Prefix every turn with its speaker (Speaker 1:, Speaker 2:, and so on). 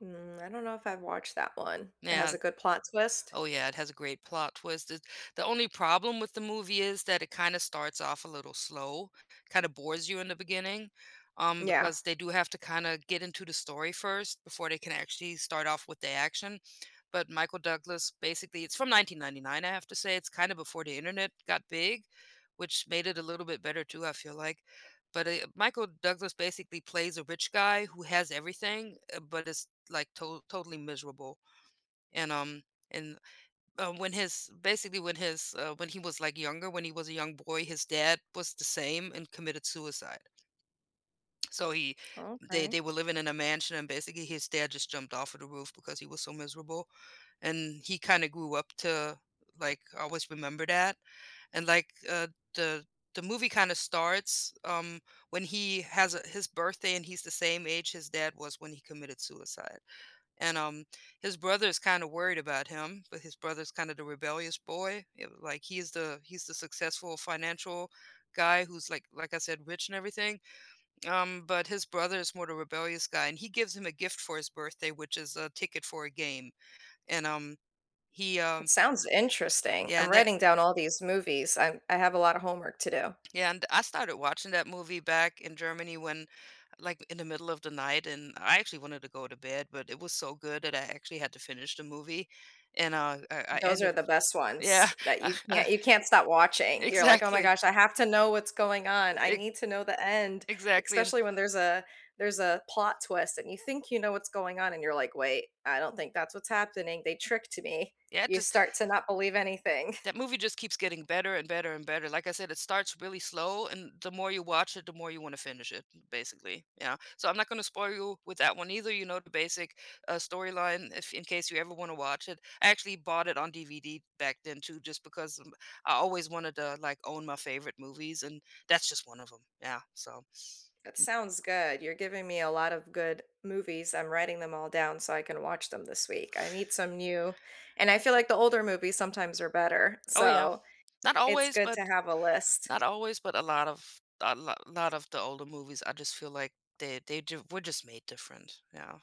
Speaker 1: Hmm, I don't know if I've watched that one. It has
Speaker 2: Now
Speaker 1: a good plot twist?
Speaker 2: Oh yeah, it has a great plot twist, it The only problem with the movie is that it kinda starts off a little slow, kinda bores you in the beginning, um,
Speaker 1: Yeah.
Speaker 2: because they do have to kinda get into the story first before they can actually start off with the action, but Michael Douglas, basically, it's from 1999, I have to say, it's kinda before the internet got big, which made it a little bit better too, I feel like, but, eh, Michael Douglas basically plays a rich guy who has everything, eh but it's like to totally miserable, and, um, and, uh, when his basically when his, uh, when he was like younger, when he was a young boy, his dad was the same and committed suicide. So he they
Speaker 1: Okay.
Speaker 2: they were living in a mansion and basically his dad just jumped off of the roof because he was so miserable and he kinda grew up to, like, always remember that and, like, uh, the the movie kinda starts, um, when he has, uh, his birthday and he's the same age his dad was when he committed suicide and, um, his brother's kinda worried about him, but his brother's kinda the rebellious boy, ye like, he's the he's the successful financial guy who's like like, I said, rich and everything. Um, but his brother is more the rebellious guy, and he gives him a gift for his birthday which is a ticket for a game, and, um, he,
Speaker 1: It
Speaker 2: um
Speaker 1: sounds interesting.
Speaker 2: Yeah,
Speaker 1: I'm
Speaker 2: and that
Speaker 1: writing down all these movies, I'm I have a lot of homework to do.
Speaker 2: Yeah, and I started watching that movie back in Germany when, like, in the middle of the night and I actually wanted to go to bed but it was so good that I actually had to finish the movie and, uh, I I
Speaker 1: Those
Speaker 2: ended
Speaker 1: are the best
Speaker 2: Yeah,
Speaker 1: ones that
Speaker 2: I
Speaker 1: you
Speaker 2: I
Speaker 1: can't you can't stop watching. You're like, "Oh my
Speaker 2: Exactly.
Speaker 1: gosh, I have to know what's going on. I
Speaker 2: Ex
Speaker 1: need to know the end."
Speaker 2: Exactly, and
Speaker 1: Especially when there's a there's a plot twist and you think you know what's going on and you're like, "Wait, I don't think that's what's happening, they tricked me."
Speaker 2: Yeah, it
Speaker 1: You
Speaker 2: just
Speaker 1: start to not believe anything.
Speaker 2: That movie just keeps getting better, and better, and better, like I said, it starts really slow, and the more you watch it, the more you wanna finish it m basically, yeah, so I'm not gonna spoil you with that one either, you know, the basic, uh, storyline if in case you ever wanna watch it. I actually bought it on DVD back then too just because m I always wanted to, like, own my favorite movies, and that's just one of 'em, yeah, so
Speaker 1: That sounds good, you're giving me a lot of good movies. I'm writing them all down so I can watch them this week, I need some new and I feel like the older movies sometimes are better,
Speaker 2: Oh yeah,
Speaker 1: so
Speaker 2: not
Speaker 1: it's
Speaker 2: always,
Speaker 1: good
Speaker 2: but
Speaker 1: to have a list.
Speaker 2: not always, but a lot of a lo lot of the older movies, I just feel like they they ju were just made different, yeah.